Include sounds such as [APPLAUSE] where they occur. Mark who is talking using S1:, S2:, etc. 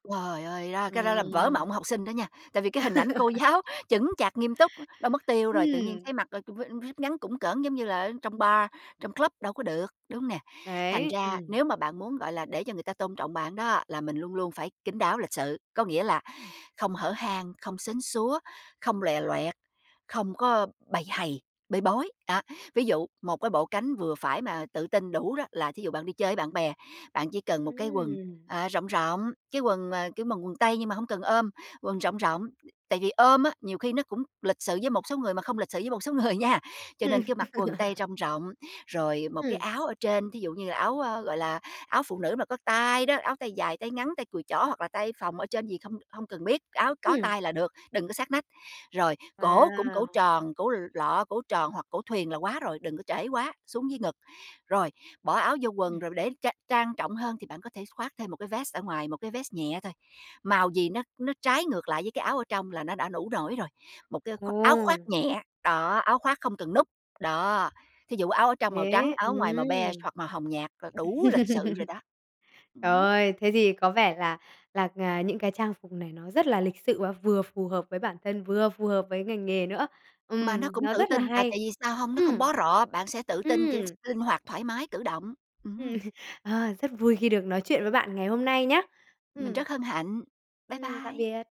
S1: Trời ơi! Đó, cái đó là vỡ
S2: Ừm.
S1: mộng học sinh đó nha, tại vì cái hình ảnh cô giáo chững
S2: [LAUGHS]
S1: chạc nghiêm túc, đâu mất tiêu rồi, tự nhiên
S2: Ừm.
S1: thấy mặc, ơ, v jupe ngắn cũn cỡn giống như là ở trong bar, trong club đâu có được, đúng hông nè? Thành
S2: Đấy,
S1: ra
S2: ừm.
S1: nếu mà bạn muốn, gọi là, để cho người ta tôn trọng bạn đó là mình luôn luôn phải kín đáo, lịch sự. Có nghĩa là
S2: Ừm.
S1: không hở hang, không sến súa, không lòe loẹt, không có bầy hầy, bê bối,
S2: Ừm.
S1: đó. Ví dụ một cái bộ cánh vừa phải mà tự tin đủ đó là thí dụ bạn đi chơi với bạn bè, bạn chỉ cần một cái quần,
S2: Ừm.
S1: ờ, rộng rộng, cái quần, ờ, kiểu, mà quần tây nhưng mà hông cần ôm, quần rộng rộng, tại vì ôm á, nhiều khi nó cũng lịch sự với một số người mà không lịch sự với một số người nha. Cho
S2: Ừm.
S1: nên cứ mặc quần tây
S2: [LAUGHS]
S1: rông rộng, rồi một cái
S2: Ừm.
S1: áo ở trên, thí dụ như là áo, ơ, gọi là, áo phụ nữ mà có tay đó, áo tay dài, tay ngắn, tay cùi chỏ hoặc là tay phồng ở trên gì không không cần biết, áo có
S2: Ừm.
S1: tay là được, đừng có sát nách. Rồi cổ cũng cổ
S2: Wow!
S1: tròn, cổ l lọ, cổ tròn hoặc cổ thuyền là quá rồi, đừng có trễ quá xuống dưới ngực. Rồi, bỏ áo vô quần
S2: Ừm.
S1: rồi để trang trang trọng hơn thì bạn có thể khoác thêm một cái vét ở ngoài, một cái vét nhẹ thôi, màu gì nó nó trái ngược lại với cái áo ở trong là nó đã đủ nổi rồi. Một cái khoác áo khoác
S2: Ồ!
S1: nhẹ, đó, áo khoác không cần nút, đó. Thí dụ áo ở trong màu
S2: Thế
S1: trắng, áo ở
S2: ừm.
S1: ngoài màu be
S2: [LAUGHS]
S1: hoặc màu hồng nhạt là đủ lịch sự rồi đó.
S2: Trời
S1: Ừm.
S2: ơi! Thế thì có vẻ là là, à, những cái trang phục này nó rất là lịch sự và vừa phù hợp với bản thân, vừa phù hợp với ngành nghề nữa.
S1: Mà nó
S2: Ừm,
S1: cũng
S2: nó
S1: tự
S2: rất là
S1: tin, tại
S2: hay!
S1: tại vì sao hông? Nó không
S2: Ừm,
S1: bó rọ, bạn sẽ tự tin, kiểu,
S2: ừm.
S1: s linh hoạt thoải mái cử động,
S2: Ừm.
S1: ừm.
S2: Ờ, rất vui khi được nói chuyện với bạn ngày hôm nay nhá,
S1: Mình
S2: ừm.
S1: rất hân hạnh. Bye
S2: Ừm, tạm
S1: bye.
S2: biệt.